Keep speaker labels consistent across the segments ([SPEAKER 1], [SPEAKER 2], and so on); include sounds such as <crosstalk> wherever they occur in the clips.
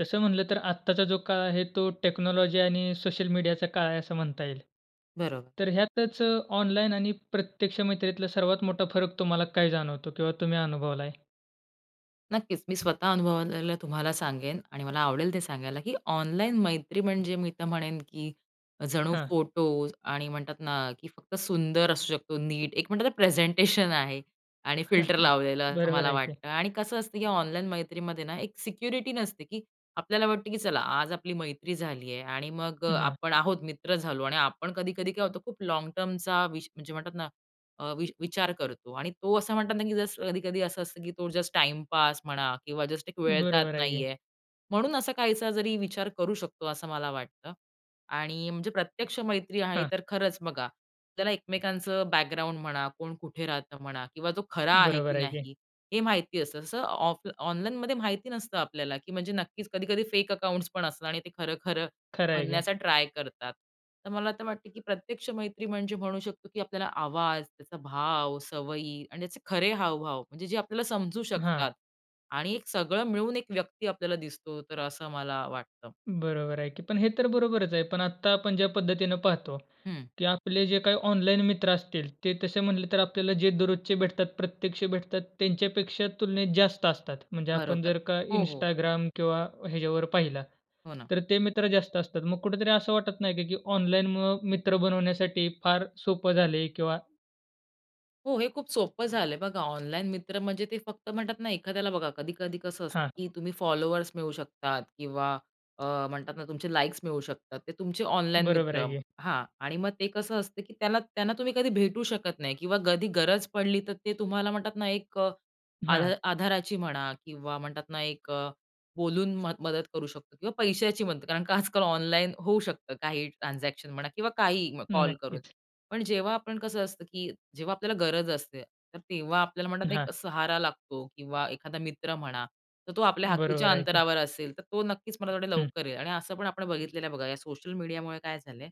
[SPEAKER 1] तसं म्हटलं तर आत्ताचा जो काळ आहे तो टेक्नॉलॉजी आणि सोशल मीडियाचा काळ आहे असं म्हणता येईल.
[SPEAKER 2] बरोबर.
[SPEAKER 1] तर ह्यातच ऑनलाईन आणि प्रत्यक्ष मैत्रीतला सर्वात मोठा फरक तुम्हाला काय जाणवतो? किंवा तुम्ही अनुभवलाय?
[SPEAKER 2] नक्कीच. मी स्वतः अनुभवलेलं तुम्हाला सांगेन आणि मला आवडेल ते सांगायला, की ऑनलाईन मैत्री म्हणजे मी तर म्हणेन, की जणू
[SPEAKER 1] हां.
[SPEAKER 2] फोटोज आणि म्हणतात ना, की फक्त सुंदर असू शकतो नीट. एक म्हणतात ना प्रेझेंटेशन आहे आणि फिल्टर
[SPEAKER 1] <chuckles>
[SPEAKER 2] लावलेलं. असं
[SPEAKER 1] बरोबर
[SPEAKER 2] मला
[SPEAKER 1] आहे की.
[SPEAKER 2] वाटतं. आणि कसं असतं, की ऑनलाईन मैत्रीमध्ये ना एक सिक्युरिटी नसते, की आपल्याला वाटतं, की चला आज आपली मैत्री झाली आहे आणि मग
[SPEAKER 1] अ,
[SPEAKER 2] अ,
[SPEAKER 1] हां.
[SPEAKER 2] आपण आहोत मित्र झालो. आणि आपण कधी-कधी काय होतं खूप लाँग टर्मचा वि म्हणजे म्हणतात ना अ, वि विचार करतो आणि तो असं म्हणतात ना, की जस्ट कधी-कधी असं असतं, की तो जस्ट टाईमपास म्हणा किंवा जस्ट एक वेळ जात
[SPEAKER 1] बरोबर आहे की.
[SPEAKER 2] नाहीये. म्हणून असा काहीसा जरी विचार करू शकतो. असं मला वाटतं. आणि म्हणजे प्रत्यक्ष मैत्री आहे
[SPEAKER 1] हां.
[SPEAKER 2] तर खरंच बघा. आपल्याला एकमेकांचं बॅकग्राऊंड म्हणा, कोण कुठे राहतं म्हणा किंवा तो खरा आहे, की
[SPEAKER 1] बरोबर आहे की.
[SPEAKER 2] नाही हे माहिती असतं. तसं ऑफ ऑनलाईनमध्ये माहिती नसतं आपल्याला, की म्हणजे नक्कीच कधी-कधी फेक अकाउंट्सपण असतात आणि ते खरं, खरं
[SPEAKER 1] खरं आहे की.
[SPEAKER 2] बनण्याचा ट्राय करतात. तर मला असं वाटतं, की प्रत्यक्ष मैत्री म्हणजे म्हणू शकतो, की आपल्याला आवाज, त्याचा भाव, सवयी आणि त्याचे खरे हावभाव म्हणजे जे आपल्याला समजू
[SPEAKER 1] हां.
[SPEAKER 2] शकतात आणि एक सगळं मिळून एक व्यक्ती आपल्याला दिसतो, तर असं मला वाटतं.
[SPEAKER 1] बरोबर आहे की. पण हे तर बरोबरच आहे. पण आत्ता आपण ज्या पद्धतीने पाहतो,
[SPEAKER 2] हं.
[SPEAKER 1] की आपले जे काही ऑनलाईन मित्र असतील ते तसे म्हटले, तर आपल्याला जे दररोजचे भेटतात, प्रत्यक्ष भेटतात त्यांच्यापेक्षा तुलनेत जास्त असतात. म्हणजे आपण
[SPEAKER 2] बरोबर.
[SPEAKER 1] जर का
[SPEAKER 2] हो, हो.
[SPEAKER 1] Instagram किंवा ह्याच्यावर पाहिलं.
[SPEAKER 2] हो ना.
[SPEAKER 1] तर ते मित्र जास्त असतात. मग कुठेतरी असं वाटत नाही का, की ऑनलाईन मुळं मित्र बनवण्यासाठी फार सोपं झालंय किंवा
[SPEAKER 2] हो. हे खूप सोपं झालंय बघा, ऑनलाईन मित्र म्हणजे ते फक्त म्हणतात ना एखाद्याला बघा कधी-कधी कसं असतं
[SPEAKER 1] हां.
[SPEAKER 2] की तुम्ही फॉलोवर्स मिळू शकतात किंवा अ, म्हणतात ना तुमचे लाईक्स मिळू शकतात. ते तुमचे ऑनलाईन
[SPEAKER 1] बरोबर
[SPEAKER 2] मित्र,
[SPEAKER 1] आहे की.
[SPEAKER 2] हां. आणि मग ते कसं असतं की त्यांला त्यांना तुम्ही कधी भेटू शकत नाही किंवा कधी गरज पडली तर ते तुम्हाला म्हणतात ना, एक अ, आध
[SPEAKER 1] हां.
[SPEAKER 2] आधाराची म्हणा किंवा म्हणतात ना एक अ, बोलून मदत करू शकतो किंवा पैशाची मदत. कारण आजकाल ऑनलाईन होऊ शकतं काही ट्रान्झॅक्शन म्हणा किंवा काही कॉल करून.
[SPEAKER 1] नक्कीच.
[SPEAKER 2] पण जेव्हा आपण कसं असतं की जेव्हा आपल्याला गरज असते तर तेव्हा आपल्याला म्हणतात
[SPEAKER 1] हां.
[SPEAKER 2] एक सहारा लागतो किंवा एखादा मित्र म्हणा, तर तो आपल्या हाकेच्या
[SPEAKER 1] बरोबर आहे की.
[SPEAKER 2] अंतरावर असेल तर तो नक्कीच मला थोडे
[SPEAKER 1] हं.
[SPEAKER 2] लवकर येईल. आणि असं पण आपण बघितलेलं आहे बघा, या सोशल मीडियामुळे काय झालंय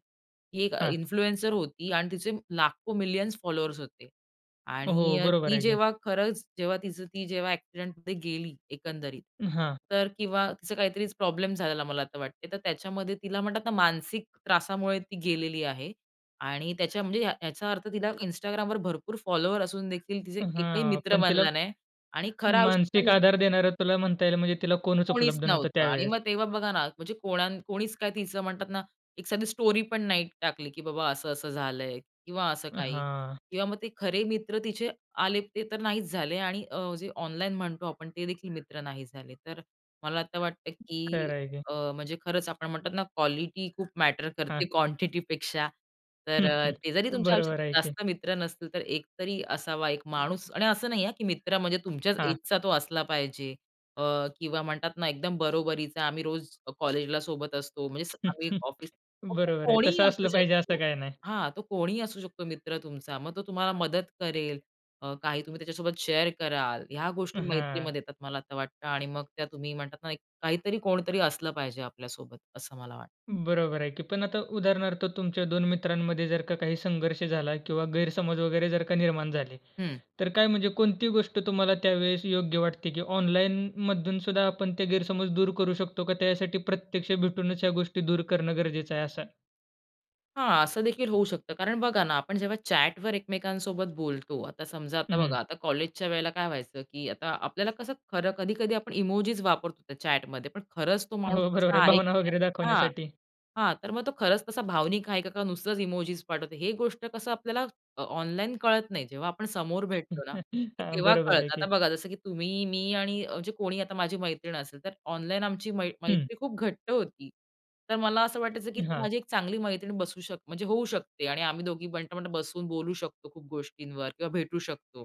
[SPEAKER 2] की एक अ,
[SPEAKER 1] हां.
[SPEAKER 2] इन्फ्लुएन्सर होती आणि तिचे लाखो मिलियन्स फॉलोवर्स होते. आणि
[SPEAKER 1] हो,
[SPEAKER 2] अ,
[SPEAKER 1] बरोबर
[SPEAKER 2] ती
[SPEAKER 1] आहे की.
[SPEAKER 2] जेव्हा खरंच जेव्हा तीच ती एक्सिडेंटमध्ये गेली एकंदरीत,
[SPEAKER 1] हां.
[SPEAKER 2] तर किंवा तिचा काहीतरी प्रॉब्लेम झालेला मला तर वाटते. तर त्याच्यामध्ये तिला म्हणतात ना मानसिक त्रासामुळे ती गेलेली आहे. आणि त्याच्या म्हणजे ह्याचा अर्थ तिला Instagramवर भरपूर फॉलोवर असून देखील तिचा
[SPEAKER 1] अ,
[SPEAKER 2] एकही
[SPEAKER 1] हां,
[SPEAKER 2] मित्र
[SPEAKER 1] पण त्याला
[SPEAKER 2] बनला नाही. आणि खरा आयुष्यात
[SPEAKER 1] मानसिक
[SPEAKER 2] <unintelligible>
[SPEAKER 1] आधार देणार त्याला, म्हणता येईल म्हणजे तिला कोणच
[SPEAKER 2] कोणीच
[SPEAKER 1] उपलब्ध नव्हतं
[SPEAKER 2] नव्हतं. आणि
[SPEAKER 1] त्यावेळेस.
[SPEAKER 2] मग तेव्हा बघा ना म्हणजे कोणा कोणीच काय तिचं म्हणतात ना, एक साधी स्टोरीपण नाही टाकली की बाबा असं असं झालंय किंवा असं काही.
[SPEAKER 1] हां.
[SPEAKER 2] किंवा मग ते खरे मित्र तिथे आले, ते तर नाहीच झाले आणि अ, जे ऑनलाईन म्हणतो आपण ते देखील मित्र नाही झाले. तर मला आता वाटत की
[SPEAKER 1] खरंय की.
[SPEAKER 2] अ, म्हणजे खरंच आपण म्हणतात ना क्वालिटी खूप मॅटर करते
[SPEAKER 1] हां.
[SPEAKER 2] क्वांटिटी पेक्षा तर,
[SPEAKER 1] <chuckles>
[SPEAKER 2] ते जरी तुमच्या
[SPEAKER 1] बरोबर आहे
[SPEAKER 2] आयुष्यात
[SPEAKER 1] की.
[SPEAKER 2] जास्त मित्र नसतील तर एक तरी असावा एक माणूस आणि असं नाही हां की मित्र म्हणजे तुमच्याच
[SPEAKER 1] हां.
[SPEAKER 2] एजचा तो असला पाहिजे अ, किंवा म्हणतात ना, एकदम बरोबरीचा, आम्ही रोज कॉलेजला सोबत असतो म्हणजे आम्ही
[SPEAKER 1] <chuckles>
[SPEAKER 2] ऑफिस मग तो
[SPEAKER 1] बरोबर आहे. तस
[SPEAKER 2] कोणीही असू
[SPEAKER 1] असलं पाहिजे असं
[SPEAKER 2] शकतो.
[SPEAKER 1] काही नाही.
[SPEAKER 2] हां, तो कोणीही असू शकतो मित्र तुमचा मग तो तुम्हाला मदत करेल. अ, काही तुम्ही त्याच्यासोबत शेअर कराल. या गोष्टी
[SPEAKER 1] हां.
[SPEAKER 2] मैत्रीमध्ये येतात मला वाटतं आणि मग त्या तुम्ही म्हणतात ना, काहीतरी कोणतरी असलं पाहिजे आपल्यासोबत असं मला वाटतं.
[SPEAKER 1] बरोबर आहे की पण आता उदाहरणार्थ तुमच्या दोन मित्रांमध्ये जर का काही संघर्ष झाला किंवा गैरसमज वगैरे जर का निर्माण झाले,
[SPEAKER 2] हं.
[SPEAKER 1] तर काय म्हणजे कोणती गोष्ट तुम्हाला त्यावेळेस योग्य वाटते की ऑनलाईन मधून सुद्धा आपण ते गैरसमज दूर करू शकतो का त्यासाठी प्रत्यक्ष भेटूनच या गोष्टी दूर करणं गरजेचं आहे असं?
[SPEAKER 2] हां, असं देखील होऊ शकतं कारण बघा ना, आपण जेव्हा चॅट वर एकमेकांसोबत बोलतो. आता समजा,
[SPEAKER 1] अ,
[SPEAKER 2] आता बघा,
[SPEAKER 1] हं.
[SPEAKER 2] आता कॉलेजच्या वेळेला काय व्हायचं, की आता आपल्याला कसं खरं, कधी-कधी आपण इमोजीस वापरतो त्या चॅट मध्ये. पण खरंच तो माणूस
[SPEAKER 1] हो, बरोबर
[SPEAKER 2] तसा
[SPEAKER 1] आहे.
[SPEAKER 2] आहे
[SPEAKER 1] भावना
[SPEAKER 2] की नाही,
[SPEAKER 1] वगैरे
[SPEAKER 2] हां,
[SPEAKER 1] दाखवण्यासाठी.
[SPEAKER 2] हां. तर मग तो खरंच तसा भावनिक आहे का, का नुसतंच इमोजीस पाठवतो, ही गोष्ट कसं आपल्याला अ, ऑनलाईन कळत नाही. जेव्हा आपण समोर भेटतो ना,
[SPEAKER 1] <chuckles> हां,
[SPEAKER 2] तेव्हा
[SPEAKER 1] बरोबर आहे
[SPEAKER 2] कळतं.
[SPEAKER 1] की.
[SPEAKER 2] आता बघा, जसं की तुम्ही, मी आणि जे कोणी आता माझी मैत्रीण असेल, तर ऑनलाईन आमची मै
[SPEAKER 1] हं.
[SPEAKER 2] मैत्री खूप घट्ट होती. तर मला असं वाटायचं की ती
[SPEAKER 1] हां.
[SPEAKER 2] माझी एक चांगली मैत्रीण बसू शक म्हणजे होऊ शकते आणि आम्ही दोघी बट, बट बसून बोलू शकतो खूप गोष्टींवर किंवा भेटू शकतो.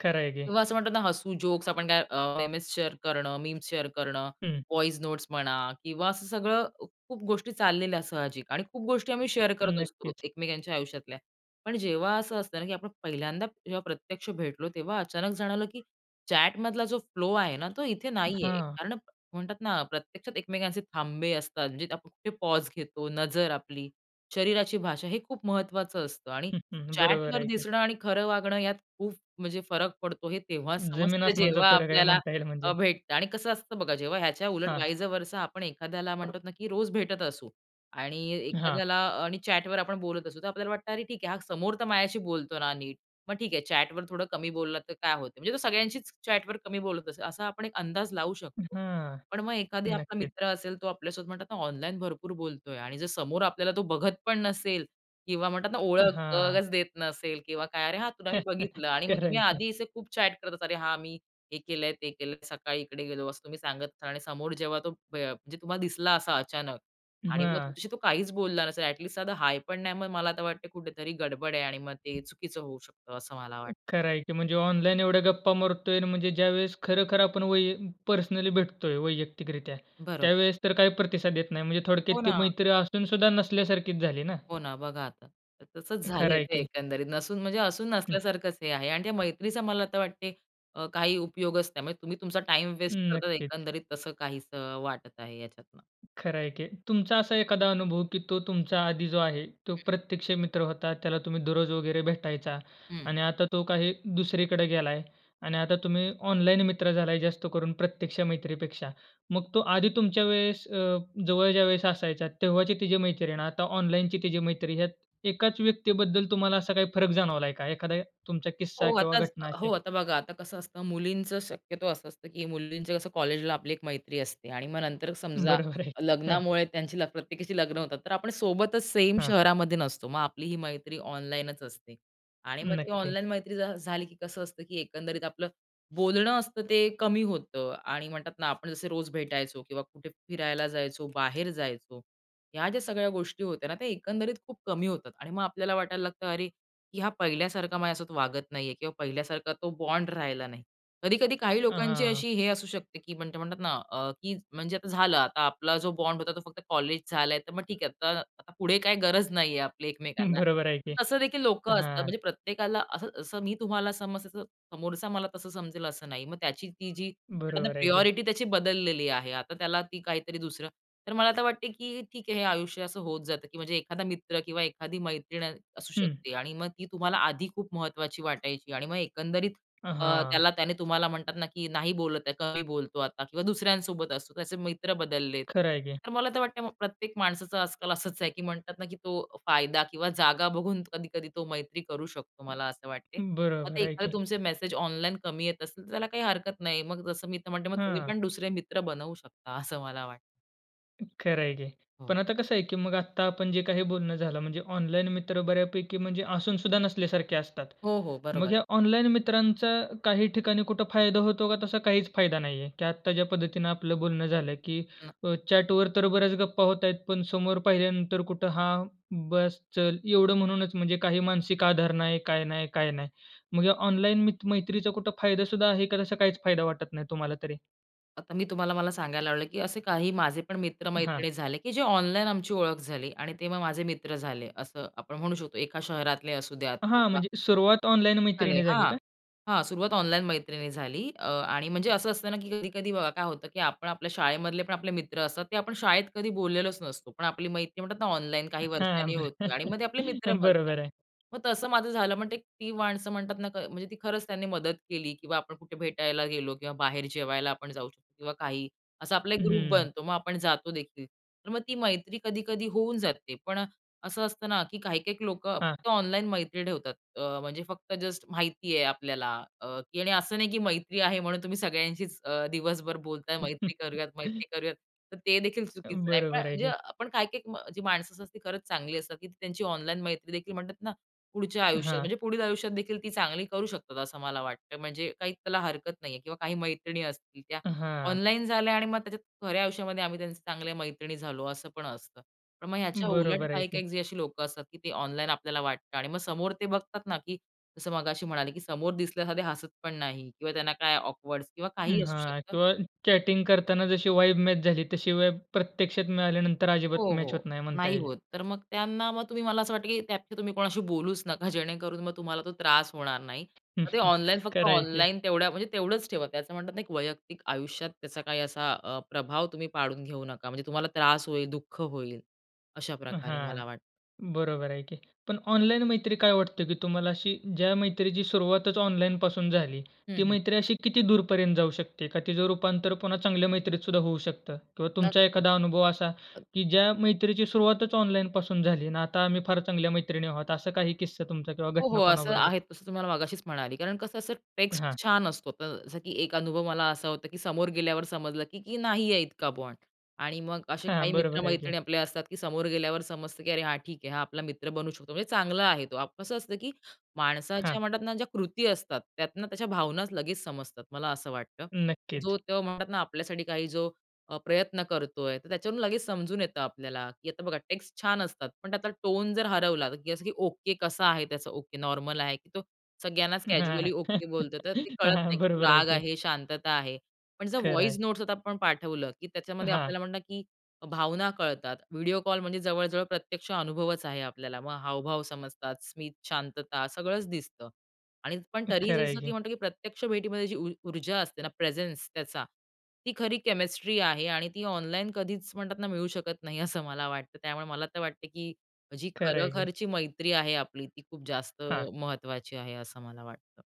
[SPEAKER 1] खर आहे की.
[SPEAKER 2] किंवा असं म्हणतात ना, हसू, जोक्स आपण काय अ, शेअर करणं, मेमेस शेअर करणं, मीम्स शेअर करणं,
[SPEAKER 1] हं.
[SPEAKER 2] वॉइस नोट्स म्हणा किंवा असं सगळं खूप गोष्टी चाललेल्या साहजिक आणि खूप गोष्टी आम्ही शेअर करत असतो
[SPEAKER 1] नक्कीच.
[SPEAKER 2] एकमेकांच्या आयुष्यातल्या. पण जेव्हा असं असतं ना की आपण पहिल्यांदा जेव्हा प्रत्यक्ष भेटलो, तेव्हा अचानक जाणवलं की चॅट मधला जो फ्लो आहे ना, तो इथे नाहीये.
[SPEAKER 1] हां.
[SPEAKER 2] कारण म्हणतात ना, प्रत्यक्षात एकमेकांचे थांबे असतात. म्हणजे आपण कुठे पॉज घेतो, नजर आपली, शरीराची भाषा हे खूप महत्त्वाचं असतं आणि
[SPEAKER 1] हं, हं
[SPEAKER 2] चॅट
[SPEAKER 1] बरोबर
[SPEAKER 2] वर
[SPEAKER 1] आहे की.
[SPEAKER 2] दिसणं आणि खरं वागणं यात खूप म्हणजे फरक पडतो. हे तेव्हा
[SPEAKER 1] जमीन
[SPEAKER 2] समजतं,
[SPEAKER 1] आसमानचा
[SPEAKER 2] जेव्हा
[SPEAKER 1] फरक आहे
[SPEAKER 2] आपल्याला
[SPEAKER 1] म्हणता येईल
[SPEAKER 2] अ,
[SPEAKER 1] म्हणजे.
[SPEAKER 2] भेटतं आणि कसं असतं बघा, जेव्हा ह्याच्या उलट
[SPEAKER 1] हां.
[SPEAKER 2] वाइस वर्सा आपण एखाद्याला म्हणतो ना की रोज भेटत असू आणि
[SPEAKER 1] हां.
[SPEAKER 2] एखाद्याला अ, चॅट वर आपण बोलत असू, तर आपल्याला वाटतं, अरे ठीक आहे हा समोर तर माझ्याशी बोलतो ना नीट. मग ठीक आहे, चॅट वर थोडं कमी बोलला तर काय होतं? म्हणजे तो सगळ्यांशीच चॅट वर कमी बोलत असेल, असा आपण एक अंदाज लावू शकतो.
[SPEAKER 1] हां.
[SPEAKER 2] पण मग एखादा आपला
[SPEAKER 1] नक्कीच.
[SPEAKER 2] मित्र असेल, तो आपल्यासोबत म्हणतात ना ऑनलाईन भरपूर बोलतोय आणि जर समोर आपल्याला तो बघत पण नसेल किंवा म्हणतात ना,
[SPEAKER 1] हां.
[SPEAKER 2] ओळखच देत नसेल किंवा काय, अरे हां तुला मी
[SPEAKER 1] <chuckles>
[SPEAKER 2] बघितलं आणि मग तुम्ही
[SPEAKER 1] करायची.
[SPEAKER 2] आधी खूप चॅट करतात. अरे हां मी हे केलंय, ते केलंय, सकाळी इकडे गेलो, असं तुम्ही सांगत असाल आणि समोर जेव्हा तो प्य अ, म्हणजे तुम्हाला दिसला असा अचानक आणि मग
[SPEAKER 1] हां.
[SPEAKER 2] तुमच्याशी तो काहीच बोलला नसेल, ॲट लिस्ट साधा हाय पण नाही, मग मला आता वाटतं कुठेतरी गडबड आहे आणि मग ते चुकीचं होऊ शकतं, असं मला वाटतं.
[SPEAKER 1] खर आहे की म्हणजे ऑनलाईन एवढ्या गप्पा मारतोय म्हणजे ज्यावेळेस खरखर आपण वै पर्सनली भेटतोय वैयक्तिक रित्या,
[SPEAKER 2] बरोब
[SPEAKER 1] त्यावेळेस तर काही प्रतिसाद येत नाही. म्हणजे थोडक्यात
[SPEAKER 2] हो,
[SPEAKER 1] ती
[SPEAKER 2] ना.
[SPEAKER 1] मैत्री असून सुद्धा नसल्यासारखीच झाली ना.
[SPEAKER 2] हो, ना. बघा आता तसंच
[SPEAKER 1] खरं
[SPEAKER 2] झालंय
[SPEAKER 1] आहे
[SPEAKER 2] ते
[SPEAKER 1] की.
[SPEAKER 2] एकंदरीत नसून म्हणजे असून
[SPEAKER 1] हं.
[SPEAKER 2] नसल्यासारखंच हे आहे आणि त्या मैत्रीचा मला वाटत, अ, काही उपयोगच नाही त्यामुळे तुम्ही तुमचा टाईम
[SPEAKER 1] हं
[SPEAKER 2] वेस्ट करता
[SPEAKER 1] नक्कीच
[SPEAKER 2] एकंदरीत तसं काही वाटत आहे याच्यातनं.
[SPEAKER 1] खरं आहे की तुमचा असा एखादा अनुभव, की तो तुमचा आधी जो आहे, तो
[SPEAKER 2] हं.
[SPEAKER 1] प्रत्यक्ष मित्र होता. त्याला तुम्ही दररोज वगैरे भेटायचा.
[SPEAKER 2] हं.
[SPEAKER 1] आणि आता तो काही दुसरीकडे गेलाय आणि आता तुम्ही ऑनलाईन मित्र झालाय, जास्त करून प्रत्यक्ष मैत्रीपेक्षा. मग तो आधी तुमच्या वेळेस अ, जवळच्या वेळेस असायचा, तेव्हाची तिची मैत्री आणि आता ऑनलाईनची तिची मैत्री, यात एकाच व्यक्तीबद्दल तुम्हाला असा काही फरक जाणवलाय का? एखादा तुमचा किस्सा
[SPEAKER 2] हो
[SPEAKER 1] किंवा
[SPEAKER 2] आता ज
[SPEAKER 1] घटना
[SPEAKER 2] हो,
[SPEAKER 1] अशी?
[SPEAKER 2] आता बघा आता कसं असतं मुलींचं, शक्यतो असं असतं की मुलींचं कसं कॉलेजला आपली एक मैत्री असते आणि मग नंतर समजा
[SPEAKER 1] बरोबर आहे. हं.
[SPEAKER 2] लग्नामुळे त्यांची प्रत्येकीशी लग्न होतात, तर आपण सोबतच सेम
[SPEAKER 1] हां.
[SPEAKER 2] शहरामध्ये नसतो. मग आपली ही मैत्री ऑनलाईनच असते. आणि मग ती
[SPEAKER 1] नक्की.
[SPEAKER 2] ऑनलाईन मैत्री झाली की कसं असतं, की एकंदरीत आपलं बोलणं असतं ते कमी होतं आणि म्हणतात ना, आपण जसे रोज भेटायचो किंवा कुठे फिरायला जायचो, बाहेर जायचो, ह्या ज्या सगळ्या गोष्टी होत्या ना, त्या एकंदरीत खूप कमी होतात. आणि मग आपल्याला वाटायला लागतं, अरे, की हा पहिल्यासारखा माझ्यासोबत असा वागत नाहीये किंवा पहिल्यासारखा तो बॉन्ड राहिला नाही. कधी-कधी काही
[SPEAKER 1] अ,
[SPEAKER 2] लोकांची
[SPEAKER 1] हां.
[SPEAKER 2] अशी हे असू शकते की ते म्हणतात ना, अ, की म्हणजे आता झालं, आता आपला जो बॉन्ड होता तो फक्त कॉलेज झालाय, तर मग ठीक आहे. आता पुढे काही गरज नाहीये आपली
[SPEAKER 1] हं.
[SPEAKER 2] एकमेकांना.
[SPEAKER 1] बरोबर आहे की
[SPEAKER 2] तसं देखील लोकं असतात.
[SPEAKER 1] हां.
[SPEAKER 2] म्हणजे प्रत्येकाला असं, असं मी तुम्हाला समजते, तसं समोरचा मला तसं समजेल असं नाही. मग त्याची ती जी
[SPEAKER 1] बरोबर आहे की.
[SPEAKER 2] प्रायोरिटी ती बदललेली आहे. आता त्याला ती काहीतरी दुसरं तर मला आता वाटतं की ठीक आहे, हे आयुष्य असं होत जातं की म्हणजे एखादा मित्र किंवा एखादी मैत्रीण असू
[SPEAKER 1] हं.
[SPEAKER 2] शकते. आणि मग ती तुम्हाला आधी खूप महत्त्वाची वाटायची आणि मग एकंदरीत
[SPEAKER 1] अ,
[SPEAKER 2] अ,
[SPEAKER 1] हां.
[SPEAKER 2] त्याला त्याने तुम्हाला म्हणतात ना की नाही बोलत आहे, कमी बोलतो आता किंवा दुसऱ्यांसोबत असतो. त्याचे मित्र बदललेत.
[SPEAKER 1] खरं आहे की.
[SPEAKER 2] तर मला तर वाटतं प्रत्येक माणसाचं आजकाल असंच आहे की म्हणतात ना, की तो फायदा किंवा जागा बघून कधी-कधी तो मैत्री करू शकतो, मला असं वाटतं. मग
[SPEAKER 1] बरोबर
[SPEAKER 2] ते
[SPEAKER 1] आहे
[SPEAKER 2] एखादे
[SPEAKER 1] की.
[SPEAKER 2] तुमचे मेसेज ऑनलाईन कमी येत असेल, तर त्याला काही हरकत नाही. मग जसं मी म्हणते, मग तुम्ही
[SPEAKER 1] हं.
[SPEAKER 2] पण दुसरे मित्र बनवू शकता, असं मला वाटतं.
[SPEAKER 1] अ, खरं आहे की.
[SPEAKER 2] हो.
[SPEAKER 1] पण आता कसं आहे की मग आत्ता आपण जे काही बोलणं झालं म्हणजे ऑनलाईन मित्र बऱ्यापैकी असूनसुद्धा नसल्यासारखे असतात.
[SPEAKER 2] हो, हो.
[SPEAKER 1] मग
[SPEAKER 2] बरोबर.
[SPEAKER 1] ह्या ऑनलाईन मित्रांचा काही ठिकाणी कुठं फायदा होतो का तसा काहीच फायदा नाही आहे? की आत्ता ज्या पद्धतीनं आपलं बोलणं झालं की
[SPEAKER 2] न
[SPEAKER 1] अ, चॅटवर तर बऱ्याच गप्पा होत आहेत पण समोर पाहिल्यानंतर कुठं हां, बस चल. एवढं म्हणूनच म्हणजे काही मानसिक आधार नाही, काय नाही, काय नाही. मग ऑनलाईन मि मैत्रीचा कुठं फायदासुद्धा आहे का तसा काहीच फायदा वाटत नाही तुम्हाला तरी?
[SPEAKER 2] आता मी तुम्हाला मला सांगायला आवडेल, की असे काही माझे पण
[SPEAKER 1] हां.
[SPEAKER 2] मित्र-मैत्रिणी झाले, की जे ऑनलाईन आमची ओळख झाली. आणि तेव्हा माझे मित्र झाले असं आपण म्हणू शकतो. एका शहरातले असुद्यात
[SPEAKER 1] हां,
[SPEAKER 2] किंवा
[SPEAKER 1] म्हणजे सुरुवात ऑनलाईन
[SPEAKER 2] झाले
[SPEAKER 1] मैत्रीनी झाली
[SPEAKER 2] हां.
[SPEAKER 1] का?
[SPEAKER 2] हां. सुरवात ऑनलाईन मैत्रीनी झाली. अ, आणि म्हणजे असं असतं ना की कधी-कधी बघा काय होतं की आपण आपल्या शाळेमधले पण आपले मित्र असतात ते आपण शाळेत कधी बोललेलोच नसतो. पण आपली मैत्री म्हणतात ना ऑनलाईन काही
[SPEAKER 1] हां.
[SPEAKER 2] वर्षांनी
[SPEAKER 1] बर.
[SPEAKER 2] होते आणि
[SPEAKER 1] <chuckles>
[SPEAKER 2] मग आपले मित्र बनतात.
[SPEAKER 1] बरोबर आहे.
[SPEAKER 2] मग तसं माझं झालं. पण ती माणसं म्हणतात ना, म्हणजे ती खरंच त्यांनी मदत केली. किंवा आपण कुठे भेटायला गेलो किंवा बाहेर जेवायला आपण जाऊ शकतो किंवा काही. असा आपला एक ग्रुप
[SPEAKER 1] हम्म.
[SPEAKER 2] बनतो. मग आपण जातो देखील. तर मग ती मैत्री कधी-कधी होऊन जाते. पण असं असतं ना, की काही काही लोकं
[SPEAKER 1] हां.
[SPEAKER 2] फक्त ऑनलाईन मैत्री ठेवतात. अ, म्हणजे फक्त जस्ट माहिती आहे आपल्याला, अ, की आणि असं नाही की मैत्री आहे म्हणून तुम्ही सगळ्यांशीच अ, दिवसभर बोलताय, मैत्री करूयात,
[SPEAKER 1] <chuckles>
[SPEAKER 2] मैत्री करूयात. तर ते देखील
[SPEAKER 1] अ,
[SPEAKER 2] चुकीचं आहे. पण
[SPEAKER 1] बरोबर आहे
[SPEAKER 2] म्हणजे,
[SPEAKER 1] की.
[SPEAKER 2] पण काही काही अ, जी माणसं असतात ती खरंच चांगली असतात. की त्यांची ऑनलाईन मैत्रीदेखील म्हणतात ना पुढच्या आयुष्यात
[SPEAKER 1] हां.
[SPEAKER 2] म्हणजे पुढील आयुष्यात देखील ती चांगली करू शकतात असं मला वाटतं. म्हणजे काही त्याला हरकत नाही आहे. किंवा काही मैत्रिणी असतील त्या
[SPEAKER 1] हां.
[SPEAKER 2] ऑनलाईन झाल्या आणि मग त्याच्यात खऱ्या आयुष्यामध्ये आम्ही त्यांचे चांगल्या मैत्रिणी झालो असं पण असतं. पण मग ह्याच्या उलट
[SPEAKER 1] बरोबर आहे
[SPEAKER 2] काही
[SPEAKER 1] की.
[SPEAKER 2] काही अशी लोकं असतात की ते ऑनलाईन आपल्याला वाटतं आणि मग समोर ते बघतात ना, की जसं मगाशी म्हणाले की समोर दिसल्यास ते हसत पण नाही किंवा त्यांना काय ऑकवर्ड्स किंवा
[SPEAKER 1] अं,
[SPEAKER 2] काहीही असू
[SPEAKER 1] हां.
[SPEAKER 2] शकतं.
[SPEAKER 1] किंवा चॅटिंग करताना जशी वाइब मॅच झाली तशी वाइब प्रत्यक्षात मिळाल्यानंतर
[SPEAKER 2] हो,
[SPEAKER 1] अजिबात मॅच होत
[SPEAKER 2] हो.
[SPEAKER 1] नाही म्हणता
[SPEAKER 2] नाही
[SPEAKER 1] येईल.
[SPEAKER 2] होत. तर मग त्यांना मग तुम्ही मला असं वाटतं की त्या तुम्ही कोणाशी बोलूच नका जेणेकरून मग तुम्हाला तो त्रास होणार नाही. तर ते
[SPEAKER 1] <chuckles>
[SPEAKER 2] ऑनलाईन फक्त
[SPEAKER 1] खरं आहे की.
[SPEAKER 2] ऑनलाईन तेवढ्या म्हणजे तेवढंच ठेवा. ते असं म्हणतात ना एक वैयक्तिक आयुष्यात त्याचा काही असा, अ, प्रभाव तुम्ही पाडून घेऊ नका. म्हणजे तुम्हाला त्रास होईल, दुःख होईल. अशाप्रकारे
[SPEAKER 1] हां.
[SPEAKER 2] मला वाटतं.
[SPEAKER 1] बरोबर आहे की. पण ऑनलाईन मैत्री काय वाटत की तुम्हाला अशी ज्या मैत्रीची सुरुवातच ऑनलाईन पासून झाली, ती
[SPEAKER 2] हं, हं.
[SPEAKER 1] मैत्री अशी किती दूर पर्यंत जाऊ शकते? का तिचं रूपांतर पुन्हा चांगल्या मैत्रीत सुद्धा होऊ शकतं? किंवा तुमचा एखादा
[SPEAKER 2] नक्कीच.
[SPEAKER 1] अनुभव असा, की ज्या मैत्रीची सुरुवातच ऑनलाईन पासून झाली आणि आता आम्ही फार चांगल्या मैत्रिणी आहोत असा काही किस्सा तुमचा किंवा
[SPEAKER 2] हो, हो.
[SPEAKER 1] घटना
[SPEAKER 2] असं
[SPEAKER 1] कोणाबरोबर?
[SPEAKER 2] आहे तसं तुम्हाला मगाशीच म्हणाली. कारण कसं असं
[SPEAKER 1] हां.
[SPEAKER 2] टेक्स्ट छान असतो. अ, जसं की एक अनुभव मला असा होता, की समोर गेल्यावर समजलं की नाही आहे इतका बॉन्ड. आणि मग असे
[SPEAKER 1] हां.
[SPEAKER 2] काही
[SPEAKER 1] बरोबर आहे की.
[SPEAKER 2] मित्रमैत्रिणी आपले असतात की समोर गेल्यावर समजतं की अरे हां ठीक आहे. हा आपला मित्र बनू शकतो. म्हणजे चांगला आहे तो. कसं असतं, की
[SPEAKER 1] हां.
[SPEAKER 2] माणसाच्या म्हणतात ना ज्या कृती असतात, त्यातनं त्याच्या भावनाच लगेच समजतात. मला असं वाटतं की जो
[SPEAKER 1] नक्कीच.
[SPEAKER 2] तो म्हणतात ना आपल्यासाठी काही जो, अ, प्रयत्न करतोय तर त्याच्यावरून लगेच समजून येतं आपल्याला. की आता बघा टेक्स्ट छान असतात. पण त्यातला टोन जर हरवला, की असं की, ओके कसा आहे त्याचं? ओके नॉर्मल आहे. तो सगळ्यांनाच
[SPEAKER 1] हां.
[SPEAKER 2] कॅज्युअली
[SPEAKER 1] <chuckles>
[SPEAKER 2] ओके बोलतो तर ते कळत नाही
[SPEAKER 1] हां.
[SPEAKER 2] की तो
[SPEAKER 1] बरोबर आहे
[SPEAKER 2] राग
[SPEAKER 1] की.
[SPEAKER 2] आहे, शांतता आहे. पण जर
[SPEAKER 1] खरं
[SPEAKER 2] व्हॉईस
[SPEAKER 1] आहे.
[SPEAKER 2] नोट्स आता आपण पाठवलं की त्याच्यामध्ये
[SPEAKER 1] हां.
[SPEAKER 2] आपल्याला म्हणतात की भावना कळतात. व्हिडिओ कॉल म्हणजे जवळजवळ प्रत्यक्ष अनुभवच आहे आपल्याला. मग हावभाव समजतात. स्मित, शांतता सगळंच दिसतं. आणि पण तरीही
[SPEAKER 1] खरं आहे
[SPEAKER 2] जसं
[SPEAKER 1] की.
[SPEAKER 2] म्हणतो की प्रत्यक्ष भेटीमध्ये जी ऊ ऊर्जा असते ना प्रेझेन्स त्याचा, ती खरी केमिस्ट्री आहे. आणि ती ऑनलाईन कधीच म्हणतात ना मिळू शकत नाही असं मला वाटतं. त्यामुळे मला तर वाटतं, की जी
[SPEAKER 1] खरं आहे की.
[SPEAKER 2] खरोखरची मैत्री आहे आपली ती खूप जास्त,
[SPEAKER 1] हां.
[SPEAKER 2] महत्त्वाची आहे असं मला वाटतं.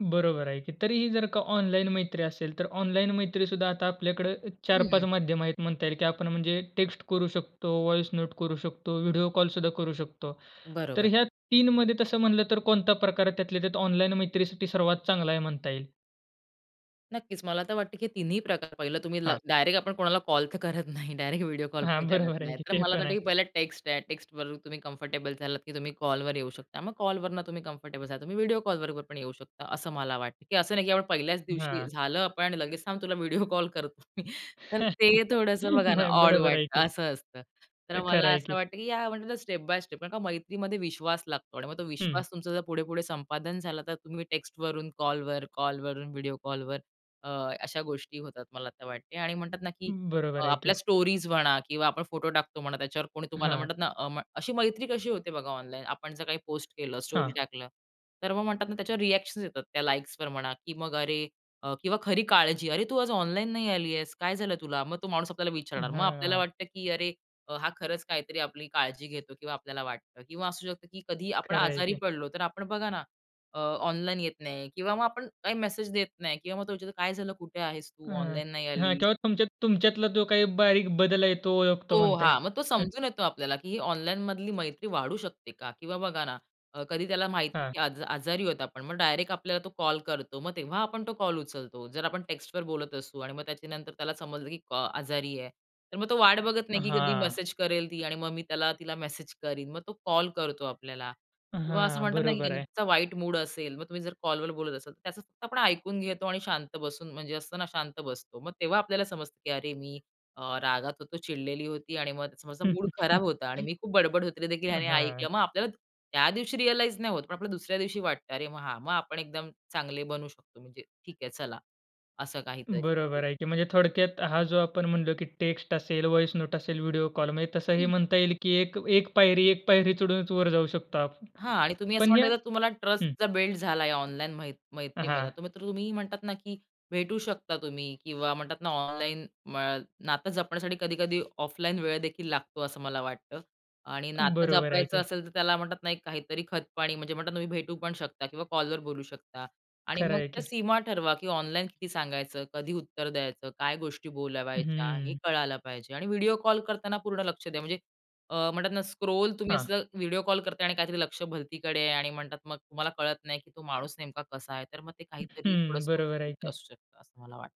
[SPEAKER 1] बरोबर आहे की. तरी ही जर का ऑनलाईन मैत्री असेल, तर ऑनलाईन मैत्रीसुद्धा आता आपल्याकडे, अ, 4-5
[SPEAKER 2] हं.
[SPEAKER 1] माध्यम आहेत म्हणता येईल. की आपण म्हणजे टेक्स्ट करू शकतो, व्हॉइस नोट करू शकतो, व्हिडिओ कॉलसुद्धा करू शकतो. तर
[SPEAKER 2] बरोबर.
[SPEAKER 1] ह्या 3मध्ये तसं म्हटलं तर कोणता प्रकार त्यातल्या त्यात ऑनलाईन मैत्रीसाठी सर्वात चांगला आहे म्हणता येईल?
[SPEAKER 2] नक्कीच मला तर वाटतं, की हे तिन्ही प्रकार. पाहिलं तुम्ही ला
[SPEAKER 1] हां.
[SPEAKER 2] डायरेक्ट आपण कोणाला कॉल तर करत नाही. डायरेक्ट व्हिडिओ कॉल पण
[SPEAKER 1] हां,
[SPEAKER 2] करत
[SPEAKER 1] बरोबर आहे
[SPEAKER 2] नाही.
[SPEAKER 1] की.
[SPEAKER 2] तर
[SPEAKER 1] ते
[SPEAKER 2] मला तर
[SPEAKER 1] पण
[SPEAKER 2] वाटतं,
[SPEAKER 1] आहे.
[SPEAKER 2] की पहिला टेक्स्ट आहे. टेक्स्टवर तुम्ही कम्फर्टेबल झालात की तुम्ही कॉलवर येऊ शकता. मग कॉलवरनं तुम्ही कम्फर्टेबल झालात, तुम्ही व्हिडिओ कॉल बरोबर पण येऊ शकता, असं मला वाटतं. की असं नाही की आपण पहिल्याच दिवशी,
[SPEAKER 1] हां.
[SPEAKER 2] झालं, आपण लगेच, "थांब तुला व्हिडिओ कॉल करतो मी." <chuckles> तर ते
[SPEAKER 1] <chuckles>
[SPEAKER 2] थोडंसं बघा ना
[SPEAKER 1] नाही,
[SPEAKER 2] ऑड
[SPEAKER 1] बरोबर आहे
[SPEAKER 2] वाटतं,
[SPEAKER 1] की.
[SPEAKER 2] असं असतं. तर
[SPEAKER 1] अ,
[SPEAKER 2] मला
[SPEAKER 1] खरं आहे
[SPEAKER 2] असं
[SPEAKER 1] की.
[SPEAKER 2] वाटतं, की या म्हटलं तर स्टेप बाय स्टेप. कारण का मैत्रीमध्ये विश्वास लागतो आणि मग तो
[SPEAKER 1] हं.
[SPEAKER 2] विश्वास तुमचा जर पुढे-पुढे संपादन झालं तर तुम्ही टेक्स्टवरून कॉलवर, कॉलवरून व्हिडिओ कॉलवर, अ, अशा गोष्टी होतात मला तर वाटते. आणि म्हणतात ना, की
[SPEAKER 1] अं,
[SPEAKER 2] अ,
[SPEAKER 1] बरोबर आहे
[SPEAKER 2] आपल्या
[SPEAKER 1] की.
[SPEAKER 2] स्टोरीज म्हणा किंवा आपण फोटो टाकतो म्हणा, त्याच्यावर कोणी तुम्हाला
[SPEAKER 1] हां.
[SPEAKER 2] म्हणतात ना, अ, म अशी मैत्री कशी होते बघा ऑनलाईन, आपण जर काही पोस्ट केलं, स्टोरी
[SPEAKER 1] हां.
[SPEAKER 2] टाकलं, तर मग म्हणतात ना त्याच्यावर रिएक्शन्स येतात. त्या लाइक्सवर म्हणा की मग अरे, अ, किंवा खरी काळजी. "अरे तू आज ऑनलाईन नाही आलीयेस? काय झालं तुला?" मग तो माणूस आपल्याला
[SPEAKER 1] अं,
[SPEAKER 2] विचारणार. मग आपल्याला
[SPEAKER 1] हां.
[SPEAKER 2] वाटतं, की अरे, अ, हा खरंच काहीतरी आपली काळजी घेतो किंवा आपल्याला वाटतं. किंवा असू शकतं की कधीही आपण
[SPEAKER 1] खरं आहे
[SPEAKER 2] आजारी
[SPEAKER 1] की.
[SPEAKER 2] पडलो, तर आपण बघा ना, अ, ऑनलाईन येत नाही किंवा मग आपण काही मेसेज देत नाही किंवा मग तो विचारतो, "काय झालं? कुठे आहेस तू?
[SPEAKER 1] अं,
[SPEAKER 2] ऑनलाईन नाही
[SPEAKER 1] हां
[SPEAKER 2] आली?"
[SPEAKER 1] किंवा तुमच्या तुमच्यातला जो काही बारीक बदल आहे, तो ओळखतो
[SPEAKER 2] हो,
[SPEAKER 1] म्हणता येईल.
[SPEAKER 2] हां. मग तो
[SPEAKER 1] <chuckles>
[SPEAKER 2] समजून येतो आपल्याला, की ही ऑनलाईनमधली मैत्री वाढू शकते का किंवा बघा ना, अ, कधी त्याला माहितीय
[SPEAKER 1] हां.
[SPEAKER 2] की आज आजारी आहोत आपण. मग डायरेक्ट आपल्याला तो कॉल करतो. मग तेव्हा आपण तो कॉल उचलतो. जर आपण टेक्स्टवर बोलत असू आणि मग त्याच्यानंतर त्याला समजलं की कॉ आजारी आहे, तर मग तो वाट बघत नाही, की कधी
[SPEAKER 1] हां.
[SPEAKER 2] मेसेज करेल ती आणि मग मी त्याला तिला मेसेज करीन. मग तो कॉल करतो आपल्याला. किंवा असं
[SPEAKER 1] हां,
[SPEAKER 2] म्हणतात ना की
[SPEAKER 1] बरोबर आहे.
[SPEAKER 2] त्यांचा वाईट मूड असेल, मग तुम्ही जर कॉलवर बोलत असाल तर त्याचं फक्त आपण ऐकून घेतो आणि शांत बसून म्हणजे असतं ना शांत बसतो. मग तेव्हा आपल्याला समजतं की "अरे मी, अ, रागात होतो, चिडलेली होती आणि मग समोरचा मूड खराब होता." आणि
[SPEAKER 1] <chuckles>
[SPEAKER 2] "मी खूप बडबड होती ते देखील ह्याने ऐकलं."
[SPEAKER 1] अहां.
[SPEAKER 2] मग आपल्याला त्या दिवशी रिअलाईज नाही होत, पण आपल्याला दुसऱ्या दिवशी वाटतं. अरे मग हां. मग आपण एकदम चांगले बनू शकतो, म्हणजे ठीक आहे चला. असं काहीतरी. हं.
[SPEAKER 1] बरोबर आहे की. म्हणजे थोडक्यात हा जो आपण म्हणलो की टेक्स्ट असेल, व्हॉइस नोट असेल, व्हिडिओ कॉल म्हणजे तसंही
[SPEAKER 2] हं.
[SPEAKER 1] म्हणता येईल की एक एक पायरी एक पायरी चढूनच वर जाऊ शकतो आपण.
[SPEAKER 2] हां आणि तुम्ही असं
[SPEAKER 1] पण ह्या
[SPEAKER 2] म्हणताय तर तुम्हाला ट्रस्ट
[SPEAKER 1] हं.
[SPEAKER 2] जर बिल्ड झालाय ऑनलाईन मैत् मैत्रीमधला,
[SPEAKER 1] हां.
[SPEAKER 2] तर मग तर तुम्ही म्हणतात ना की भेटू शकता तुम्ही किंवा म्हणतात ना ऑनलाईन म नातं जपण्यासाठी कधी-कधी ऑफलाईन वेळ देखील लागतो असं मला वाटतं. आणि नातं
[SPEAKER 1] बरोबर आहे
[SPEAKER 2] जपायचं
[SPEAKER 1] की.
[SPEAKER 2] असेल तर त्याला म्हणतात नाही एक काहीतरी खतपाणी, म्हणजे म्हणतात ना तुम्ही भेटू पण शकता किंवा कॉलवर बोलू शकता. आणि
[SPEAKER 1] खरं
[SPEAKER 2] मग
[SPEAKER 1] आहे
[SPEAKER 2] त्या
[SPEAKER 1] की.
[SPEAKER 2] सीमा ठरवा की ऑनलाईन किती सांगायचं, कधी उत्तर द्यायचं, काय गोष्टी बोलावायच्या हे
[SPEAKER 1] हम्म.
[SPEAKER 2] कळायला पाहिजे. आणि व्हिडिओ कॉल करताना पूर्ण लक्ष द्या. म्हणजे, अ, म्हणतात ना, स्क्रोल तुम्ही
[SPEAKER 1] हां.
[SPEAKER 2] असं व्हिडिओ कॉल करताय आणि काहीतरी लक्ष भलतीकडे आहे आणि म्हणतात मग तुम्हाला कळत नाही की तो माणूस नेमका कसा आहे. तर मग ते काहीतरी
[SPEAKER 1] हम्म,
[SPEAKER 2] थोडंसं
[SPEAKER 1] बरोबर आहे
[SPEAKER 2] <unintelligible>
[SPEAKER 1] की.
[SPEAKER 2] असू शकतं. असं मला वाटतं.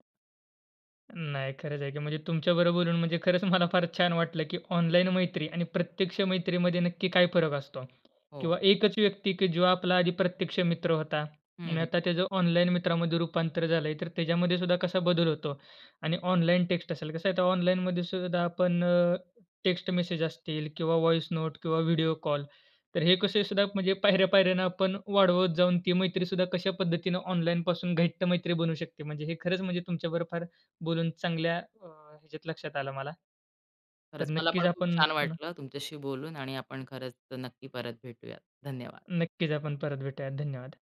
[SPEAKER 1] नाही खरंच आहे की. म्हणजे तुमच्याबरोबर बोलून म्हणजे खरंच मला फार छान वाटलं की ऑनलाईन मैत्री आणि प्रत्यक्ष मैत्रीमध्ये नक्की काय फरक असतो.
[SPEAKER 2] हो.
[SPEAKER 1] किंवा एकच व्यक्ती की जो आपला आधी प्रत्यक्ष मित्र होता
[SPEAKER 2] हं,
[SPEAKER 1] आणि
[SPEAKER 2] हं.
[SPEAKER 1] आता त्याचं ऑनलाईन मित्रामध्ये रूपांतर झालंय, तर त्याच्यामध्येसुद्धा कसा बदल होतो आणि ऑनलाईन टेक्स्ट असेल कसं आहे तर ऑनलाईनमध्येसुद्धा आपण, अ, टेक्स्ट मेसेज असतील किंवा व्हॉइस नोट किंवा व्हिडिओ कॉल, तर हे कसंहीसुद्धा म्हणजे पायऱ्या-पायऱ्याने आपण वाढवत जाऊन ती मैत्रीसुद्धा कशा पद्धतीने ऑनलाईनपासून घट्ट मैत्री बनू शकते. म्हणजे हे खरंच म्हणजे तुमच्यावर फार बोलून चांगल्या, अ, ह्याच्यात लक्षात आलं मला. तर
[SPEAKER 2] खरंच. मला पण
[SPEAKER 1] नक्कीच
[SPEAKER 2] खूप
[SPEAKER 1] आपण
[SPEAKER 2] छान
[SPEAKER 1] पुन्हा
[SPEAKER 2] वाटलं तुमच्याशी बोलून आणि आपण खरंच तर नक्की परत भेटूयात. धन्यवाद.
[SPEAKER 1] नक्कीच आपण परत भेटूयात. धन्यवाद.